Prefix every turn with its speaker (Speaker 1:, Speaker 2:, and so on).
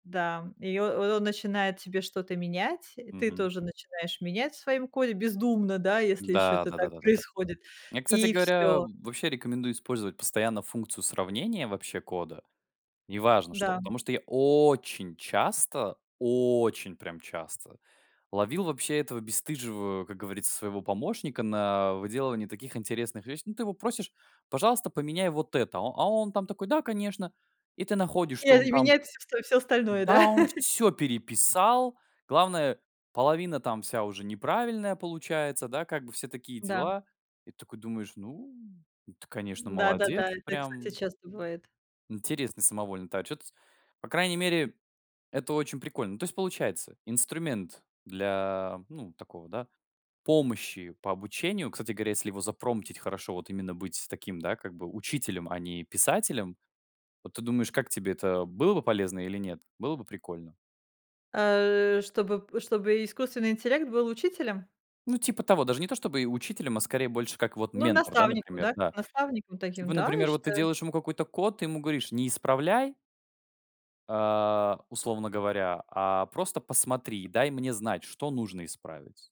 Speaker 1: Да, и о он начинает тебе что-то менять, и ты
Speaker 2: Мгм.
Speaker 1: тоже начинаешь менять в своём коде бездумно, да, если ещё
Speaker 2: Да,
Speaker 1: это
Speaker 2: да да
Speaker 1: так
Speaker 2: да да.
Speaker 1: происходит,
Speaker 2: Я, кстати
Speaker 1: и
Speaker 2: говоря,
Speaker 1: всё.
Speaker 2: вообще рекомендую использовать постоянно функцию сравнения, вообще, кода. Неважно что,
Speaker 1: Да.
Speaker 2: потому что я очень часто, очень, прям, часто ловил, вообще, этого бесстыжего, как говорится, своего помощника на выделывании таких интересных вещ Ну, ты его просишь, пожалуйста, поменяй вот это, а а он, там, такой, да, конечно. И ты находишь,
Speaker 1: И,
Speaker 2: чё
Speaker 1: а,
Speaker 2: он
Speaker 1: и
Speaker 2: там
Speaker 1: менять всё всё остальное,
Speaker 2: Да,
Speaker 1: да?
Speaker 2: он всё переписал, главное половина там вся уже неправильная получается, да, как бы все такие
Speaker 1: Да.
Speaker 2: дела. И такой думаешь: ну, ну, ты, конечно,
Speaker 1: М,
Speaker 2: молодец,
Speaker 1: да-да-да, это, кстати,
Speaker 2: прям
Speaker 1: часто бывает.
Speaker 2: Интересный самовольный та отчет. По крайней мере, это очень прикольно. Ну, то есть, получается, инструмент для, ну, такого, да, помощи по обучению, кстати говоря, если его запромптить хорошо, вот, именно быть таким, да, как бы, учителем, а не писателем. Вот, ты думаешь, как тебе это было бы полезно или нет? Было бы прикольно?
Speaker 1: Э, чтобы чтобы искусственный интеллект был учителем?
Speaker 2: Ну, типа того, даже не то, чтобы учителем, а, скорее, больше как, вот,
Speaker 1: Ну,
Speaker 2: ментор, да,
Speaker 1: наставником,
Speaker 2: например,
Speaker 1: да, как
Speaker 2: да.
Speaker 1: наставником таким.
Speaker 2: Типа,
Speaker 1: Да, я
Speaker 2: например, вот, ты
Speaker 1: считаю.
Speaker 2: делаешь ему какой-то код, ты ему говоришь: "Не исправляй" "а, условно говоря, а просто посмотри и дай мне знать, что нужно исправить".